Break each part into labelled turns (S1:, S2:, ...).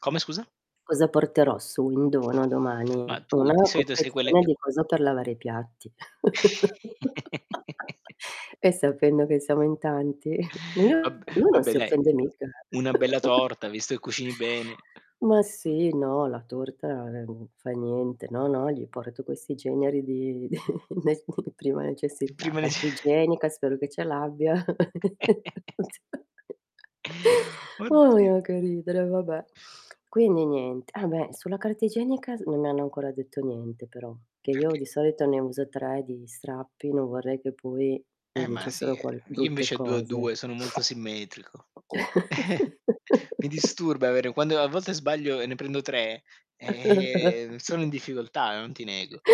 S1: Come scusa?
S2: Cosa porterò su in dono domani?
S1: Ma tu, di
S2: Una
S1: solito, sei quelle
S2: confezione
S1: che
S2: di
S1: co
S2: cosa per lavare i piatti. Eh, sapendo che siamo in tanti. lui
S1: Vab
S2: lui non
S1: vabbè,
S2: si
S1: dai.
S2: offende mica,
S1: Una
S2: eh.
S1: bella torta visto che cucini bene.
S2: Ma,
S1: Mh.
S2: sì. No, la torta, n non fa niente. No no, gli porto questi generi di di [unintelligible] di prima
S1: Di
S2: necessità.
S1: prima
S2: Carta
S1: nece
S2: igienica, spero che ce l'abbia. Sì. Òhi,
S1: Oddi
S2: ah, che ridere, vabbè. Quindi nient Ah, beh sulla carta igienica non hanno ancora detto niente però, che io
S1: Perché?
S2: di solito ne uso 3 di strappi, non vorrei che poi mi
S1: Eh, ma sì,
S2: dicessero qual brutte
S1: invece a 2 a
S2: cose.
S1: 2 sono molto simmetrico. Mi disturba avere quando a volte sbaglio, e ne prendo 3 ehm, sono in difficoltà, non ti nego.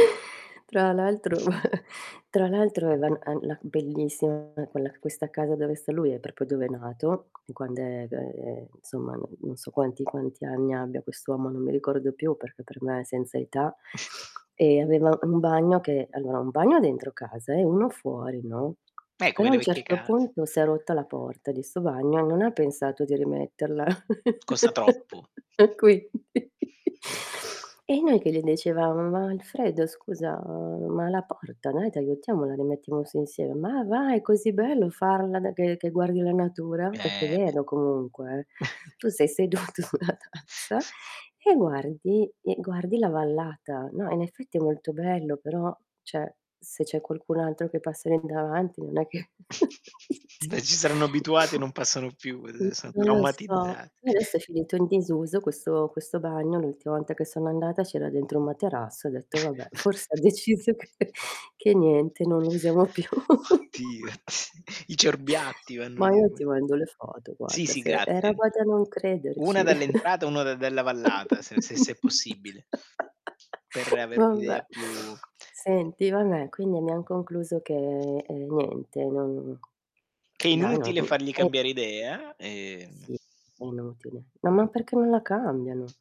S2: Tra l'altro tra l'altro ave al la bellissima quella questa casa dove sta lui, e per poi dove è nato, e quand'è beh, insomma, non non so quanti quanti anni abbia quest'uomo, non mi ricordo più perché per me è senza età. E, aveva un bagno che allora un bagno dentro casa e uno fuori, no,
S1: Eh, come
S2: però, a un
S1: vecchie
S2: certo
S1: cas
S2: punto si è rotta porta di 'sto bagno, e non ha pensato di rimetterla.
S1: Costa troppo.
S2: E, quindi E noi che gli dicevamo:"Ma Alfredo scusa, ma la porta, noi t'aiutiamo, la rimettiamo su insieme". "Ma va è così bello farla be che che guardi la natura." Perché è
S1: Eh, beh.
S2: vero comunque, eh. Tu sei seduto sulla tazza e guardi e guardi la vallata. No, in effetti, è molto bello, però cioè, se c'è qualcun altro che passa lì davanti non è che [unintelligible]
S1: Beh, si saranno abituati, e non passano più,
S2: Mh.
S1: uhm, son
S2: Non lo so.
S1: traumatizzat
S2: Adesso, è finito in disuso questo questo bagno. L'ultima volta che sono andata, c'era dentro un materasso, e ho detto: "Vabbè, forse deciso che che niente non usiamo più".
S1: Ti ti I cerbiatti vanno
S2: Ma
S1: lì
S2: io ti
S1: [unintelligible]
S2: mando le foto,
S1: Sì,
S2: guarda,
S1: sì,
S2: se è
S1: grazie.
S2: roba da non
S1: Una
S2: crederci.
S1: dall'entrata, e un'ora dalla vallata s se se è possibile ...per avere un
S2: Vabbè.
S1: idea più
S2: Senti, vabbè, quindi abbiam concluso che ehm, niente, non
S1: Che è
S2: dai non
S1: inutile fargli
S2: Eh
S1: cambiare idea, ehm
S2: Sì, è inutile. No, ma perché non la cambiano?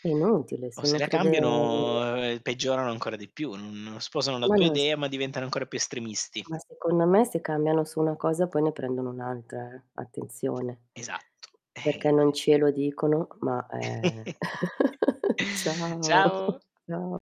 S2: È inutile
S1: O
S2: se
S1: se
S2: uno
S1: la
S2: crede.
S1: cambiano, ehm, peggiorano ancora più. Non sposano la
S2: Ma
S1: tua
S2: non s
S1: idea, ma diventano ancora più estremisti.
S2: Ma, secondo me, se cambiano su una cosa poi ne prendono un'altra, eh, attenzione.
S1: Esatto. Eh, eh
S2: Perché non ce lo dicono ma è Ciao
S1: Ciao.
S2: cia